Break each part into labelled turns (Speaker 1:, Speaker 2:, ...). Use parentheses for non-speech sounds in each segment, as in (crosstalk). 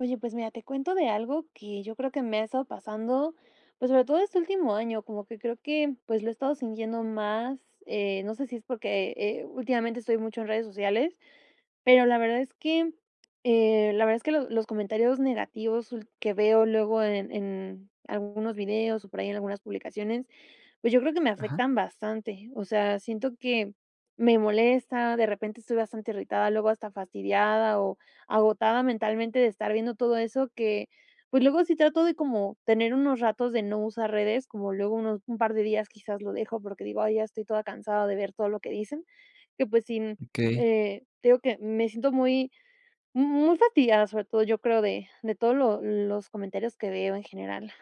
Speaker 1: Oye, pues, mira, te cuento de algo que yo creo que me ha estado pasando, pues, sobre todo este último año, como que creo que, pues, lo he estado sintiendo más, eh, no sé si es porque, eh, últimamente estoy mucho en redes sociales, pero la verdad es que, eh, la verdad es que los los comentarios negativos ul que veo luego en en algunos videos o por ahí en algunas publicaciones, pues, yo creo que me
Speaker 2: Ajá.
Speaker 1: afectan bastante, o sea, siento que me molesta, de repente estoy bastante irritada, luego hasta fastidiada o agotada mentalmente de estar viendo todo eso que, pues, luego sí trato de como tener unos ratos de no usar redes, como luego unos un par de días quizás lo dejo, porque digo: "Ay, ya estoy toda cansada de ver todo lo que dicen", que, pues, sin,
Speaker 2: Okey.
Speaker 1: eh, te digo que me siento muy, muy fastidiada, sobre todo, yo creo, de de todo lo los comentarios que veo en general.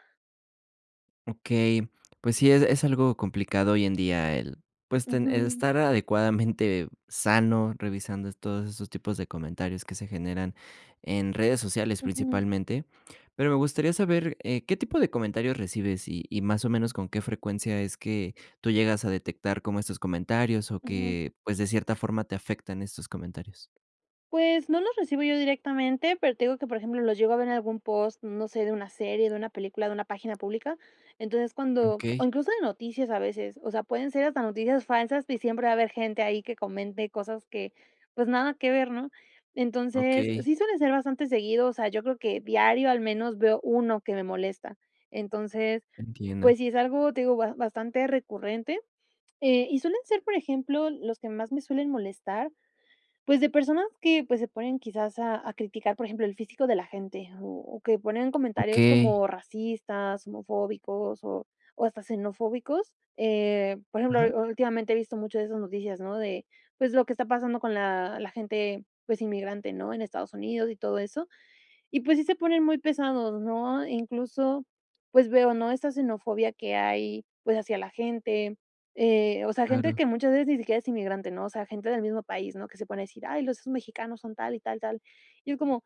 Speaker 2: Okey, pues sí, es es algo complicado hoy en día el, pues, ten el
Speaker 1: Ujú.
Speaker 2: estar adecuadamente sano, revisando es todos esos tipos de comentarios que se generan en redes sociales,
Speaker 1: Ujú.
Speaker 2: principalmente, pero me gustaría saber, eh, ¿qué tipo de comentarios recibes?, y y, ¿más o menos, con qué frecuencia es que tú llegas a detectar como estos comentarios o
Speaker 1: Ujú.
Speaker 2: que, pues, de cierta forma, te afectan estos comentarios?
Speaker 1: Pues, no los recibo yo directamente, pero te digo que, por ejemplo, los llevo a ver en algún post, mm, no sé, de una serie, de una película, de una página pública, entonces, cuando, o
Speaker 2: Okey.
Speaker 1: incluso de noticias a veces, o sea, pueden ser hasta noticias falsas, que siempre va a haber gente ahí que comente cosas que, pues, nada que ver, ¿no?, entonces,
Speaker 2: Okey.
Speaker 1: sí suelen ser bastante seguido, o sea, yo creo que diario al menos veo 1 que me molesta, entonces,
Speaker 2: Entiendo.
Speaker 1: pues sí, es algo, te digo, ba bastante recurrente, eh, y suelen ser, por ejemplo, los que más me suelen molestar, pues, de personas que, pues, se ponen quizás a a criticar, por ejemplo, el físico de la gente, o o que ponen comentarios
Speaker 2: Okey.
Speaker 1: como racistas, homofóbicos, o o hasta xenofóbicos, eh, por ejemplo,
Speaker 2: Ajá.
Speaker 1: u últimamente he visto mucho de esas noticias, ¿no?, de, pues, lo que está pasando con la la gente, pues, inmigrante, ¿no?, en Estados Unidos y todo eso, y, pues sí, se ponen muy pesados, ¿no?, incluso, pues, veo, ¿no?, esta xenofobia que hay, pues, hacia la gente, eh, o sea, gente
Speaker 2: Claro.
Speaker 1: que muchas veces ni siquiera es inmigrante, ¿no?, o sea, gente del mismo país, ¿no?, que se ponen a decir: "Ay, los mexicanos son tal y tal, tal", y es como,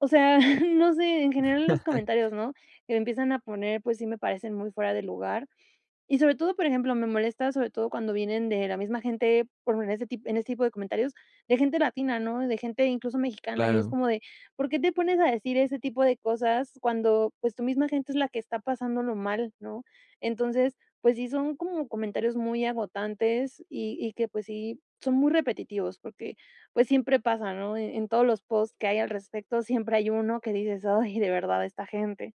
Speaker 1: o sea, (chuckles) no sé, en general en los
Speaker 2: (chuckles)
Speaker 1: comentarios, ¿no?, que empiezan a poner, pues sí, me parecen muy fuera de lugar, y sobre todo, por ejemplo, me molesta, sobre todo cuando vienen de la misma gente, por en ese tip en ese tipo de comentarios, de gente latina, ¿no?, de gente incluso mexicana, y es
Speaker 2: Claro.
Speaker 1: como de: "¿Por qué te pones a decir ese tipo de cosas cuando, pues, tu misma gente es la que está pasándolo mal, no?", entonces, pues sí, son como comentarios muy agotantes y y que, pues, sí, son muy repetitivos porque, pues, siempre pasa, ¿no?, e en todos los post que hay al respecto siempre hay uno que dices: "Ay, de verdad, esta gente".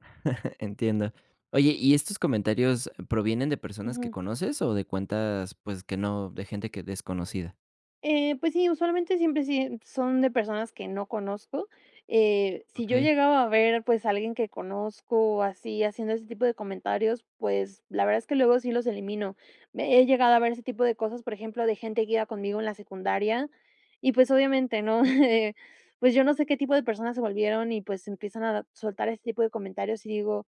Speaker 2: (chuckles) Entiendo. Oye, ¿y estos comentarios provienen de personas que
Speaker 1: Ujú.
Speaker 2: conoces o de cuentas, pues, que no de gente que desconocida?
Speaker 1: Eh, pues sí, usualmente siempre sí, eh, son de personas que no conozco, eh, si yo
Speaker 2: Okey.
Speaker 1: llegaba a ver, pues, a alguien que conozco, así, haciendo ese tipo de comentarios, pues, la verdad es que luego sí los elimino. He llegado a ver ese tipo de cosas, por ejemplo, de gente que iba conmigo en la secundaria, y, pues, obviamente, ¿no? (chuckles) Eh, pues yo no sé qué tipo de personas se volvieron y, pues, empiezan a soltar ese tipo de comentarios, y digo,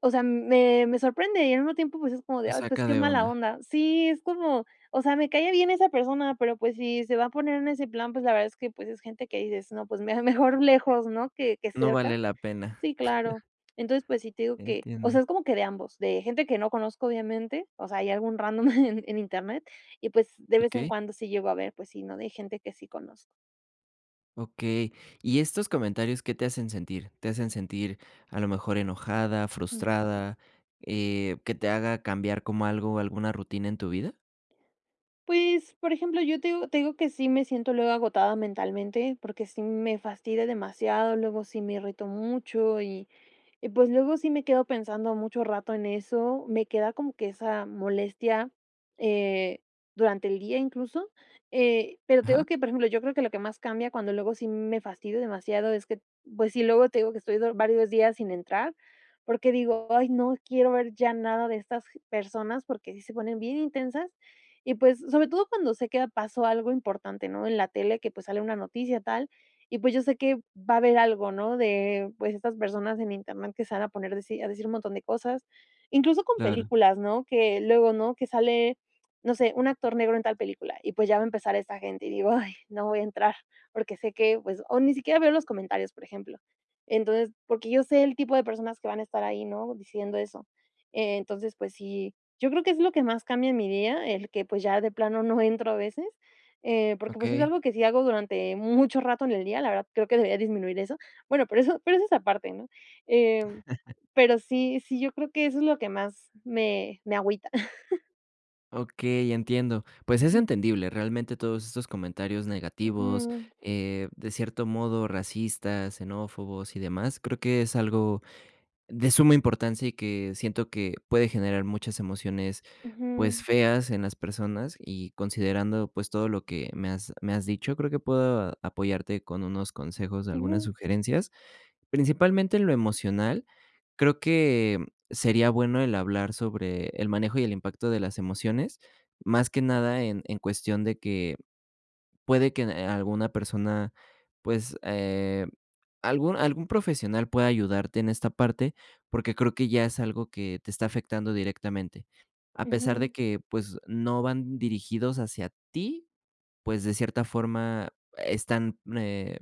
Speaker 1: o sea, me me sorprende y al mismo tiempo, pues, es como de:
Speaker 2: Lo
Speaker 1: "Ay, pues,
Speaker 2: saca
Speaker 1: qué
Speaker 2: de
Speaker 1: mala
Speaker 2: onda.
Speaker 1: onda". Sí, es como, o sea, me cae bien esa persona, pero, pues, si se va a poner en ese plan, pues, la verdad es que, pues, es gente que dices: "No, pues mira, mejor lejos, ¿no?, que que
Speaker 2: No vale
Speaker 1: cerca".
Speaker 2: la pena.
Speaker 1: Sí, claro,
Speaker 2: (chuckles)
Speaker 1: entonces, pues sí, te digo que, o
Speaker 2: Entiendo.
Speaker 1: sea, es como que de ambos, de gente que no conozco, obviamente, o sea, ahí algún random (chuckles) en Internet. Y, pues, de vez en
Speaker 2: Okey.
Speaker 1: cuando sí llegó a ver, pues, sí, ¿no?, de gente que sí conozco.
Speaker 2: Okey, ¿y estos comentarios qué te hacen sentir? ¿Te hacen sentir, a lo mejor enojada,
Speaker 1: Ujú.
Speaker 2: frustrada, eh, que te haga cambiar como algo, alguna rutina en tu vida?
Speaker 1: Pues, por ejemplo, yo te digo te digo que sí me siento luego agotada mentalmente porque sí me fastidia demasiado, luego sí me irrito mucho y y pues luego sí me quedo pensando mucho rato en eso, me queda como que esa molestia, eh, durante el día incluso, eh, pero te digo
Speaker 2: Ajá.
Speaker 1: que, por ejemplo, yo creo que lo que más cambia cuando luego sí me fastidio demasiado es que, pues sí, luego te digo que estoy do varios días sin entrar, porque digo: "Ay, no quiero ver ya nada de estas personas, porque sí se ponen bien intensas". Y, pues sobre todo cuando sé que pasó algo importante, ¿no? En la tele que, pues, sale una noticia tal y, pues, yo sé que va a haber algo, ¿no?, de, pues, estas personas en Internet que se van a poner deci a decir un montón de cosas. Incluso con
Speaker 2: Claro.
Speaker 1: películas, ¿no?, que luego, ¿no?, que sale, no sé, un actor negro en tal película. Y, pues, ya va a empezar esta gente, y digo: "Ay, no voy a entrar porque sé que, pues". O ni siquiera veo los comentarios, por ejemplo. Entonces porque yo sé el tipo de personas que van a estar ahí, ¿no?, diciendo eso. Eh, entonces, pues sí, yo creo que es lo que más cambia en mi día, el que, pues, ya de plano no entro a veces, eh, porque, pues, es
Speaker 2: Okey.
Speaker 1: algo que sí hago durante mucho rato en el día, la verdad, creo que debería disminuir eso. Bueno, pero eso pero eso es aparte, ¿no? Em,
Speaker 2: (chuckles)
Speaker 1: pero sí, sí, yo creo que eso es lo que más me me agüita. (chuckles)
Speaker 2: Okey, entiendo. Pues, es
Speaker 1: Ujú.
Speaker 2: entendible, realmente todos estos comentarios negativos,
Speaker 1: Ujú.
Speaker 2: eh, de cierto modo, racistas, xenófobos, y demás. Creo que es algo de suma importancia, y que siento que puede generar muchas emociones, pues,
Speaker 1: Ujú.
Speaker 2: feas en las personas, y considerando, pues todo lo que me has me has dicho, creo que puedo apoyarte con unos consejos de algunas
Speaker 1: Ujú.
Speaker 2: sugerencias. Principalmente, en lo emocional, creo que sería bueno el hablar sobre el manejo, y el impacto de las emociones, más que nada en en cuestión de que puede que n alguna persona pues, eh, algún algún profesional pueda ayudarte en esta parte. Porque creo que ya es algo que te está afectando directamente. A pesar de
Speaker 1: Ujú.
Speaker 2: que, pues, no van dirigidos hacia ti, pues, de cierta forma están, eh,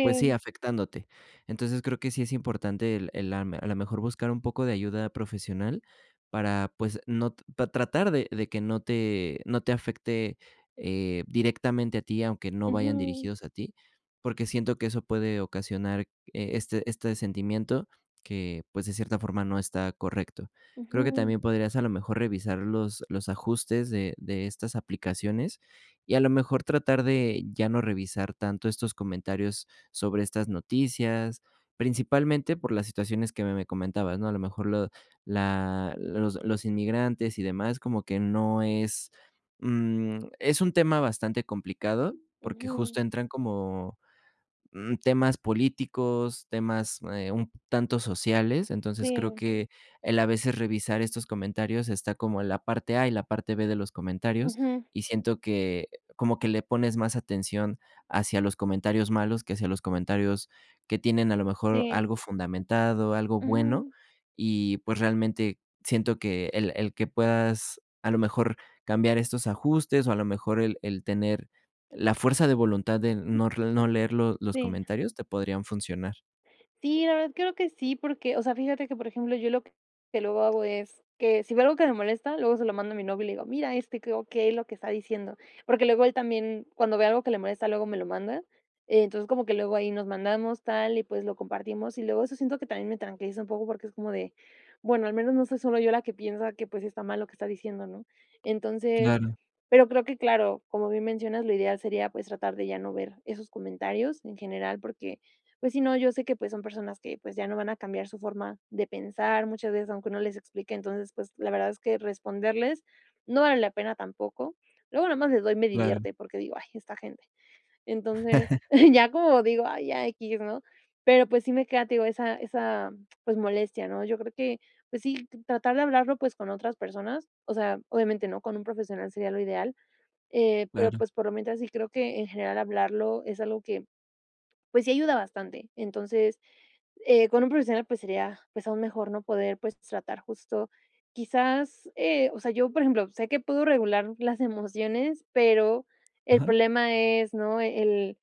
Speaker 2: pues sí, afectándote. Entonces, creo que sí es importante el el am a lo mejor buscar un poco de ayuda profesional para, pues no, para tratar de de que no te no te afecte, eh directamente a ti, aunque no vayan
Speaker 1: Ujú.
Speaker 2: dirigidos a ti. Porque siento que eso puede ocasionar, eh, este este sentimiento que, pues, de cierta forma no está correcto. Creo que
Speaker 1: Ujú.
Speaker 2: también podrías, a lo mejor, revisar los los ajustes de de estas aplicaciones, y, a lo mejor, tratar de ya no revisar tanto estos comentarios sobre estas noticias. Principalmente por las situaciones que me me comentabas, ¿no? A lo mejor lo la los los inmigrantes y demás. Como que no es, mm, es un tema bastante complicado, porque
Speaker 1: Ujú.
Speaker 2: justo entran como, mm, temas políticos, temas, eh, un tanto sociales. Entonces, creo
Speaker 1: Sí.
Speaker 2: que el a veces revisar estos comentarios está como la parte a y la parte b de los comentarios,
Speaker 1: Ujú.
Speaker 2: y siento que como que le pones más atención hacia los comentarios malos, que hacia los comentarios que tienen a lo mejor
Speaker 1: Sí.
Speaker 2: algo fundamentado, algo bueno.
Speaker 1: Ujú.
Speaker 2: Y, pues realmente siento que el el que puedas a lo mejor cambiar estos ajustes, o a lo mejor el el tener la fuerza de voluntad de no r no leer los los
Speaker 1: Sí.
Speaker 2: comentarios te podrían funcionar.
Speaker 1: Sí, la verdad, creo que sí, porque, o sea, fíjate que, por ejemplo, yo lo que que luego hago es que si veo algo que me molesta, luego se lo mando a mi novio y le digo: "Mira, este, ¿qué o qué lo que está diciendo?", porque luego él también, cuando ve algo que le molesta, luego me lo manda. Entonces, como que luego ahí nos mandamos tal y pues, lo compartimos y luego eso siento que también me tranquiliza un poco porque es como de: "Bueno al menos no soy solo yo la que piensa que, pues, está mal lo que está diciendo", ¿no?, entonces,
Speaker 2: Claro.
Speaker 1: pero creo que claro, como bien mencionas, lo ideal sería pues, tratar de ya no ver esos comentarios en general porque, pues, si no, yo sé que, pues, son personas que, pues, ya no van a cambiar su forma de pensar, muchas veces, aunque uno les explique, entonces, pues, la verdad es que responderles no vale la pena tampoco. Luego, nada más les doy me
Speaker 2: Claro.
Speaker 1: divierte, porque digo: "Ay, esta gente". Entonces,
Speaker 2: (chuckles)
Speaker 1: ya como digo; "Ay, ya equis", ¿no?, pero pues, sí me queda, te digo, esa esa pues, molestia ¿no?, yo creo que, pues sí, tratar de hablarlo pues, con otras personas, o sea, obviamente, ¿no?, con un profesional sería lo ideal, eh, pero,
Speaker 2: Claro.
Speaker 1: pues, por lo mientras, sí creo que, en general, hablarlo es algo que, pues, sí ayuda bastante. Entonces, eh, con un profesional, pues, sería, pues, aún mejor, ¿no?, poder, pues, tratar justo. Quizás, eh, o sea, yo, por ejemplo, sé que puedo regular las emociones, pero, el
Speaker 2: Ajá.
Speaker 1: problema es, ¿no?, el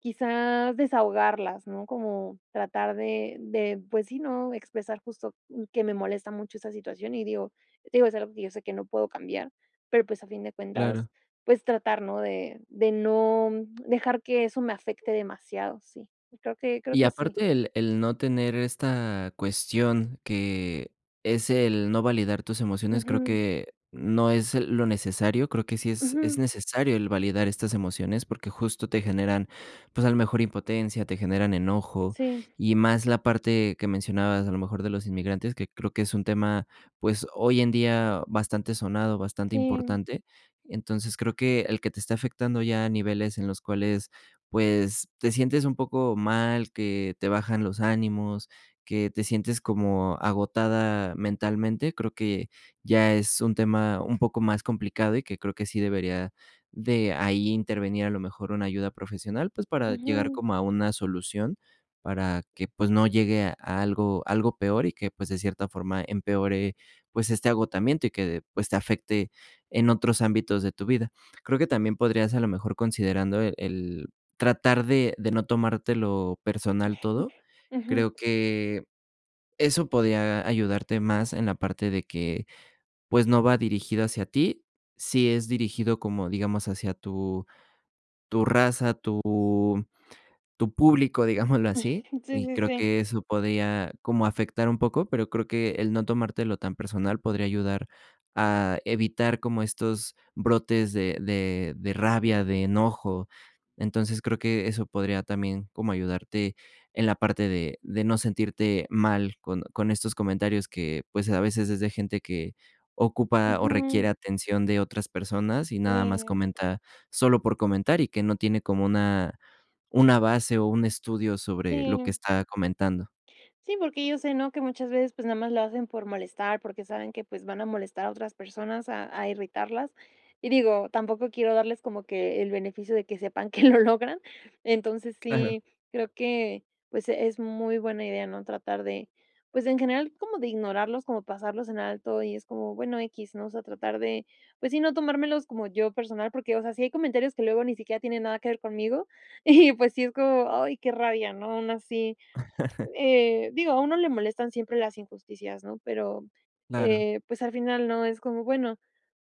Speaker 1: quizá desahogarlas, ¿no?, como tratar de de, pues sí, ¿no?, expresar justo que me molesta mucho esa situación y, digo, te digo, es algo que yo sé que no puedo cambiar, pero pues, a fin de
Speaker 2: Claro.
Speaker 1: cuentas, pues tratar ¿no?, de de no, mm, dejar que eso me afecte demasiado, sí. Creo que creo
Speaker 2: Y
Speaker 1: que sí.
Speaker 2: aparte el el no tener esta cuestión que es el no validar tus emociones, creo
Speaker 1: Ujú.
Speaker 2: que no es lo necesario, creo que sí es es
Speaker 1: Ujú.
Speaker 2: necesario el validar estas emociones, porque justo te generan, pues, a lo mejor impotencia, te generan enojo
Speaker 1: Sí.
Speaker 2: y más la parte que mencionabas, a lo mejor, de los inmigrantes, que creo que es un tema, pues, hoy en día bastante sonado, bastante
Speaker 1: Sí.
Speaker 2: importante. Entonces, creo que el que te está afectando ya a niveles en los cuales, pues, te sientes un poco mal, que te bajan los ánimos, que te sientes como agotada mentalmente, creo que ya es un tema un poco más complicado y que creo que sí debería de ahí intervenir a lo mejor una ayuda profesional, pues, para llegar
Speaker 1: Ujú.
Speaker 2: como a una solución, para que, pues no llegue a algo algo peor y que, pues de cierta forma empeore, pues, este agotamiento y que, pues, te afecte en otros ámbitos de tu vida. Creo que también podrías, a lo mejor, considerando, eh, el tratar de de no tomártelo personal todo,
Speaker 1: (chuckles) Ujú.
Speaker 2: creo que eso podría ayudarte más en la parte de que, pues no va dirigido hacia ti, sí es dirigido como, digamos, hacia tu tu raza, tu tu público, digámoslo así,
Speaker 1: (chuckles) Sí,
Speaker 2: y
Speaker 1: sí,
Speaker 2: creo
Speaker 1: sí.
Speaker 2: que eso podría como afectar un poco, pero creo que el no tomártelo tan personal podría ayudar a evitar como estos brotes de de de rabia, de enojo. Entonces, creo que eso podría también como ayudarte en la parte de de no sentirte mal con con estos comentarios que, pues, a veces es de gente que ocupa o requiere
Speaker 1: Ujú.
Speaker 2: atención de otras personas, y nada más
Speaker 1: Sí.
Speaker 2: comenta solo por comentar y que no tiene como una una base o un estudio sobre lo que
Speaker 1: Sí.
Speaker 2: está comentando.
Speaker 1: Sí, porque yo sé, ¿no?, que muchas veces, pues, nada más lo hacen por molestar, porque saben que, pues, van a molestar a otras personas a a irritarlas, y digo, tampoco quiero darles como que el beneficio de que sepan que lo logran. Entonces,
Speaker 2: Claro.
Speaker 1: sí creo que pues, es muy buena idea, ¿no?, tratar de pues, en general como de ignorarlos como pasarlos en alto y es como bueno equis, ¿no?, o sea, tratar de pues sí no tomármelos como yo personal porque, o sea, si hay comentarios que luego ni siquiera tienen nada que ver conmigo, y pues, sí es como: "Ay qué rabia", ¿no?, aún así,
Speaker 2: (chuckles)
Speaker 1: eh, digo, a uno le molestan siempre las injusticias, ¿no?, pero,
Speaker 2: Claro.
Speaker 1: eh, pues al final no es como bueno,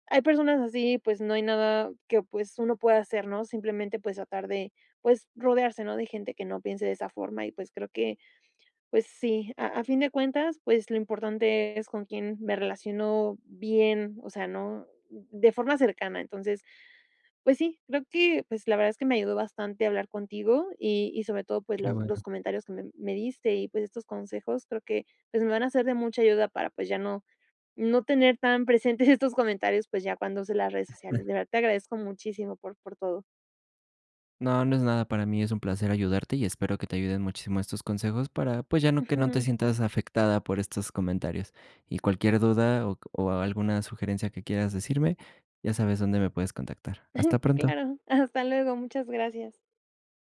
Speaker 1: hay personas así, pues, no hay nada que, pues, uno pueda hacer, ¿no?, simplemente, pues, tratar de, pues, rodearse, ¿no?, de gente que no piense de esa forma y, pues, creo que, pues sí. A a fin de cuentas, pues, lo importante es con quién me relaciono bien, o sea, ¿no?, de forma cercana. Entonces, pues sí, creo que, pues, la verdad es que me ayudó bastante hablar contigo y y sobre todo, pues,
Speaker 2: Qué
Speaker 1: los los
Speaker 2: bueno.
Speaker 1: comentarios que me me diste y, pues, estos consejos creo que, pues, me van a ser de mucha ayuda para, pues ya no, no tener tan presentes estos comentarios, pues, ya cuando use las redes sociales.
Speaker 2: (chuckles)
Speaker 1: De verdad, te agradezco muchísimo por por todo.
Speaker 2: No, no es nada para mí, es un placer ayudarte y espero que te ayuden muchísimo estos consejos para, pues, ya no que no te
Speaker 1: Ujú.
Speaker 2: sientas afectada por estos comentarios. Y cualquier duda o o alguna sugerencia que quieras decirme, ya sabes dónde me puedes contactar. Hasta
Speaker 1: (chuckles)
Speaker 2: pronto.
Speaker 1: Claro, hasta luego, muchas gracias.